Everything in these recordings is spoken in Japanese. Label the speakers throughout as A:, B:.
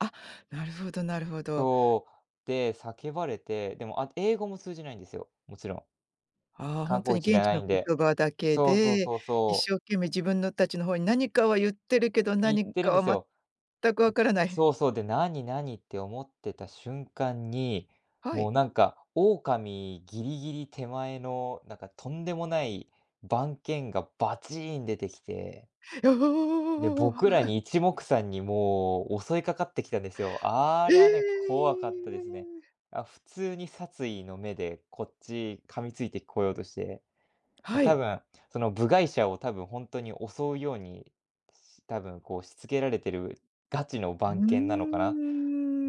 A: あ、なるほどなるほど。
B: そう。で、叫ばれて、でもあ、英語も通じないんですよ、もちろん。
A: ああ、ほ
B: 観
A: んと
B: 光
A: に
B: 地じ
A: 現
B: ゃ
A: 地
B: ない
A: の
B: んで。
A: 言葉だけ
B: そうそう
A: で、
B: そう
A: 一
B: そう。
A: 生懸命自分の達の方に何かは言ってるけど、
B: 言っ
A: 何
B: てる
A: か
B: んです
A: は
B: よ。
A: 全く分からな
B: ん、
A: い。
B: そうそう。で、なになにって思ってた瞬間に、
A: は
B: も
A: い。
B: うなんか、狼ギリギリ手前の、なんかとんでもない番犬がバチーン出てきて。
A: よ、お
B: で、
A: おおおおおおお。
B: 僕ら に一目散にもう襲いかかってきたんですよ。あ
A: え
B: りゃね、怖かったですね。
A: え。
B: あ、普通に殺意の目でこっち噛みついてこようとして。ま、
A: は
B: 多
A: い。
B: 分、その部外者を多分ほんとに襲うように、し多分こうしつけられてるガチの
A: う
B: 番犬なのかな。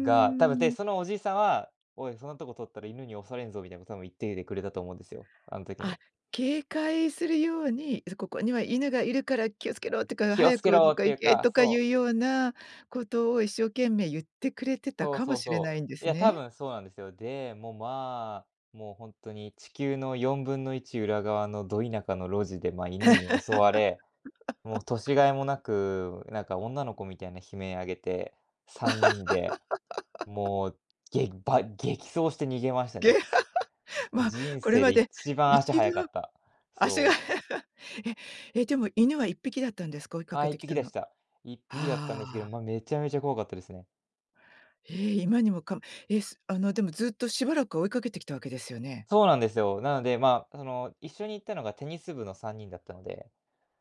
B: が多分、で、
A: ん。
B: そのおじさんは、「おい、そんなとこ通ったら犬に襲われんぞ」みたいなこと多分言っていてくれたと思うんですよ。あん時
A: あ、
B: に。
A: 警戒するように、そ「ここには犬がいるから気をつけろ」とか、
B: 「気を
A: 「早
B: つけ
A: くど
B: ろ」
A: っ
B: っ
A: か
B: てい
A: 行
B: う
A: け」
B: か、
A: とかい
B: そう。
A: うようなことを、一生懸命言ってくれてた
B: そう
A: か
B: そ
A: も
B: う
A: しれな
B: そ
A: いんで
B: う。い
A: す
B: や、多
A: ね。
B: 分そうなんですよ。で、もう、ま、もうほんとに地球の1/4裏側のド田舎の路地で、ま、犬に襲われ、もう 年甲斐もなく、なんか女の子みたいな悲鳴上げて、3人で、もう、げば激走して逃げました
A: げ。
B: ね。す
A: ま、
B: 人
A: これ
B: 生
A: ま
B: で
A: で
B: 一番
A: い
B: 足
A: ち
B: 速か
A: ど
B: った。
A: 足が
B: そう。
A: ええ、でも犬は1匹だったんですか、追いか
B: あ、
A: け
B: いっ
A: てき
B: ぴき
A: た
B: で
A: の。
B: した。1匹だったんですけど、
A: ああ。
B: ま、めちゃめちゃ怖かったですね。
A: ええ、今にもかえすあのでも、ずっとしばらく追いかけてきたわけですよね。
B: そうなんですよ。なので、ま、その、一緒に行ったのがテニス部の3人だったので、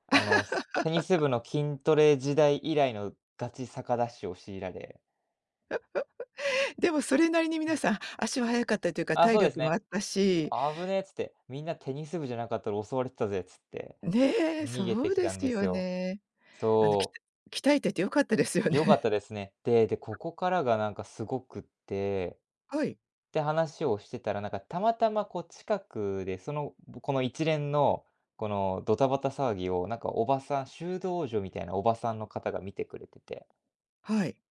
B: あのテニス 部の筋トレ時代以来のガチ坂ダッシュを強いられ。
A: でもそれなりに皆さん、足は速かったというか、
B: ああ、
A: 体
B: そうです
A: 力もあ
B: ね。
A: ったし。
B: 「あぶねえ」っつって、「みんなテニス部じゃなかったら襲われてたぜ」っつって、
A: ねえ、そ
B: 逃げて
A: う
B: き
A: で
B: たん
A: す
B: です
A: よ
B: よ。
A: ね。あの、きた
B: そう。
A: 鍛えてて良かったですよ
B: 良かった
A: ね。
B: ですね。でで、ここからがなんかすごくって。
A: はい。
B: て、話をしてたら、なんかたまたまこう近くで、そのぶこの一連の、このドタバタ騒ぎを、なんかおばさん修道女みたいなおばさんの方が見てくれてて
A: はい。